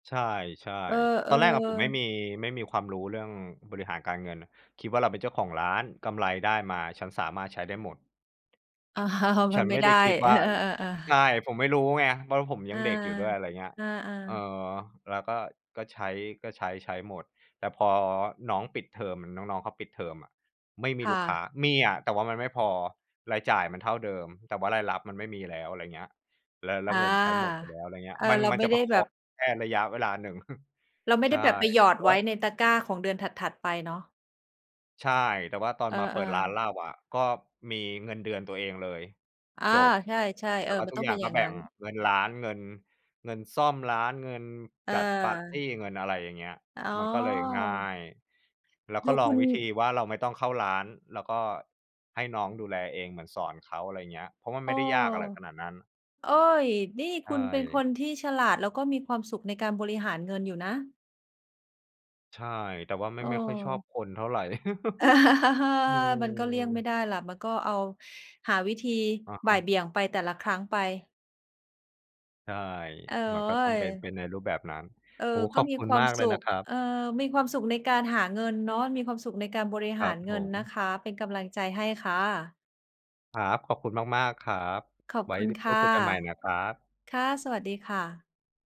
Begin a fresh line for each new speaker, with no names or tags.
ใช่
เออ
ๆ ตอนแรกอะผมไม่
ๆ
มี ไม่มีความรู้เรื่องบริหารการเงิน คิดว่าเราเป็นเจ้าของร้าน กำไรได้มาฉันสามารถใช้ได้หมด
อ้าว
ฉ
มั
ัน
นไม
ไ
่
ม่
ไ
ไ
ด
ด้
้
คิด
เ
ว
อ
่า
อ ๆ
ใ
ๆ ๆ
ช่ ผมไม่รู้ไงว่า ผม
อ
ยั
า
งเด็กอยู่ด้วย อะไรอย่างเงี้ย
อา
เออ
ๆ
แล้วก็ ก็ใช้ ก็ใช้ ใช้หมด แต่พอน้องปิดเทอม น้อง ๆ เขาปิดเทอมอะ ไม่มี
ค่
ลูกค
ะ
้า มีอะแต่ว่ามันไม่พอ รายจ่ายมันเท่าเดิม แต่ว่ารายรับมันไม่มีแล้ว อะไรอย่างเงี้ย แล้ว แล้
อ
ว
า
เงินใช้หมดไปแล้ว อะไรอย่างเงี้ย
เออ
มัน
เรา
มั
ไ
น
ม
จ
่
ะ
ไ
ป
ด้
ระค
แบ
อ
บ
งแค่ระยะเวลาหนึ่ง
เราไม่
ใช
ได
่
้แบบไปหยอ
แต
ด
่
ไ
ว
ว
่า
้ในตะกร้าของเดือนถัด ๆ ไปเนาะ
ใช่ แต่ว่าตอน
เออ
มาเปิดร้าน
ๆ
เหล้าอะ ก็มีเงินเดือนตัวเองเลย
อา
จบ
ใช่ ๆ
แ
เ
ต
อ
่
อ
ว่า
มั
ท
น
ุก
ต้อ
อ
ง
ย
เ
่
ป
า
็
ง
นอ
ก
ย
็
่าง
แบ่
งั้
ง
น
เงินร้าน เงิน เงินซ่อมร้าน เงินจัดปาร์ตี้
เออ
เงินอะไรอย่างเงี้ย
อ๋
มันก็เลยง่า
อ
ย แล้วก
ด
็
ู
ลอ
ค
ง
ุณ
วิธีว่าเราไม่ต้องเข้าร้าน แล้วก็ให้น้องดูแลเอง เหมือนสอนเขา อะไรอย่างเงี้ย เพราะว่า
เ
ไ
อ
ม่
อ
ได้ยากอะไรขนาดนั้น
โอ๊ย! นี่
ใช
คุณเป็นค
่
นที่ฉลาด แล้วก็มีความสุขในการบริหารเงินอยู่นะ
ใช่ แต่ว่าไม
เ
่ ไม่ค่อยชอบ
ออ
คนเท่าไร
เออ
อื
มันก็เลี่ยงไม่
ม
ได้ล่ะ มันก็เอา หาวิธี
อะฮ
บ่าย
ะ
เบี่ยงไป แต่ละครั้งไป
ใช่
โอ๊
มันก็ต้องเป็น เ
ย!
ป็นในรูปแบบนั้น
เออ
โอ้โฮ
ก
ข
็
อบ
มี
คุ
ค
ณ
วา
ม
ม
ากเ
ส
ลย
ุ
นะ
ข
ครับ
เออ มีความสุขในการหาเงินเนาะ มีความสุขในการบริ
ค
ห
ร
า
ั
ร
บ
เง
ผ
ินน
ม
ะคะ เป็นกำลังใจให้ค่ะ
ครับ ขอบคุณมาก ๆ ครับ
ขอบ
ไว้
คุณค
พู
่
ด
ะ
คุยกันใหม่นะครับ
ค่ะ สวัสดีค่ะ